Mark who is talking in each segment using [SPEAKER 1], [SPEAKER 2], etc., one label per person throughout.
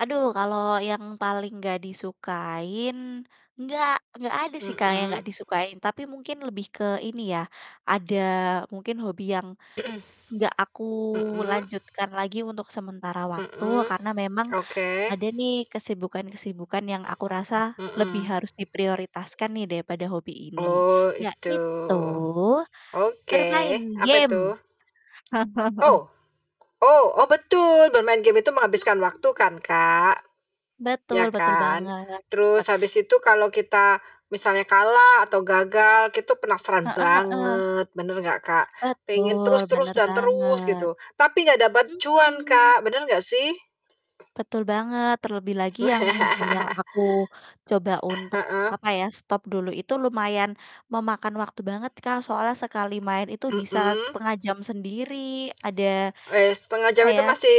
[SPEAKER 1] Aduh, kalau yang paling gak disukain, gak gak ada sih, Kak, yang
[SPEAKER 2] Mhm.
[SPEAKER 1] gak disukain. Tapi mungkin lebih ke ini ya. ada mungkin hobi yang s gak aku
[SPEAKER 2] Mhm.
[SPEAKER 1] lanjutkan lagi untuk sementara waktu,
[SPEAKER 2] Mhm.
[SPEAKER 1] karena memang
[SPEAKER 2] Oke.
[SPEAKER 1] ada nih kesibukan-kesibukan yang aku rasa lebih
[SPEAKER 2] Mhm.
[SPEAKER 1] harus diprioritaskan nih daripada hobi ini,
[SPEAKER 2] Oh, itu.
[SPEAKER 1] yaitu
[SPEAKER 2] Oke.
[SPEAKER 1] bermain
[SPEAKER 2] Apa
[SPEAKER 1] game.
[SPEAKER 2] itu? Ow, oh oh betul bermain game itu menghabiskan
[SPEAKER 1] Mhm.
[SPEAKER 2] waktu kan, Kak, iya
[SPEAKER 1] Betul betul
[SPEAKER 2] kan?
[SPEAKER 1] banget, banget.
[SPEAKER 2] Terus habis itu kalau kita misalnya kalah atau gagal itu penasaran
[SPEAKER 1] Heeh heeh.
[SPEAKER 2] banget, benar enggak, Kak? Pengen
[SPEAKER 1] Betul,
[SPEAKER 2] terus terus
[SPEAKER 1] bener
[SPEAKER 2] dan terus
[SPEAKER 1] banget.
[SPEAKER 2] gitu, tapi gak dapet cuan,
[SPEAKER 1] Mhm.
[SPEAKER 2] Kak, bener gak sih?
[SPEAKER 1] Betul banget, terlebih lagi yang game yang aku coba
[SPEAKER 2] Eh
[SPEAKER 1] untuk,
[SPEAKER 2] heeh.
[SPEAKER 1] apa ya, stop dulu itu lumayan memakan waktu banget, Kak, soalnya sekali main itu bisa
[SPEAKER 2] Mhm.
[SPEAKER 1] 1/2 jam sendiri ada,
[SPEAKER 2] Wes, 1/2 jam
[SPEAKER 1] apa
[SPEAKER 2] itu
[SPEAKER 1] ya
[SPEAKER 2] masih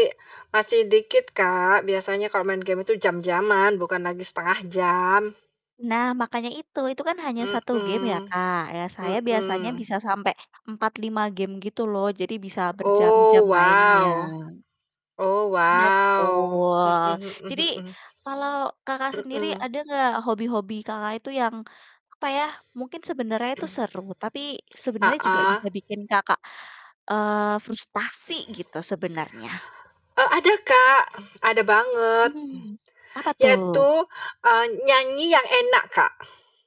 [SPEAKER 2] masih dikit, Kak, biasanya kalau main game itu jam-jaman bukan lagi 1/2 jam.
[SPEAKER 1] Nah, makanya itu. Itu kan hanya 1 game ya,
[SPEAKER 2] Mhm,
[SPEAKER 1] Kak, ya, saya biasanya
[SPEAKER 2] mhm.
[SPEAKER 1] bisa sampai 4, 5 game gitu loh. Jadi bisa berjam-jam
[SPEAKER 2] Oh,
[SPEAKER 1] mainnya.
[SPEAKER 2] wow oh, wow,
[SPEAKER 1] Betul.
[SPEAKER 2] mhm mhm
[SPEAKER 1] Jadi,
[SPEAKER 2] mhm.
[SPEAKER 1] kalau Kakak sendiri
[SPEAKER 2] Mhm.
[SPEAKER 1] ada enggak hobi-hobi Kakak itu yang, apa ya, mungkin sebenarnya itu seru, tapi sebenarnya juga
[SPEAKER 2] Heeh.
[SPEAKER 1] bisa bikin Kakak, eee, frustasi gitu sebenarnya?
[SPEAKER 2] Eee, ada, Kak, ada banget.
[SPEAKER 1] Hmm. Apa tuh?
[SPEAKER 2] Yaitu, eee, nyanyi yang enak, Kak.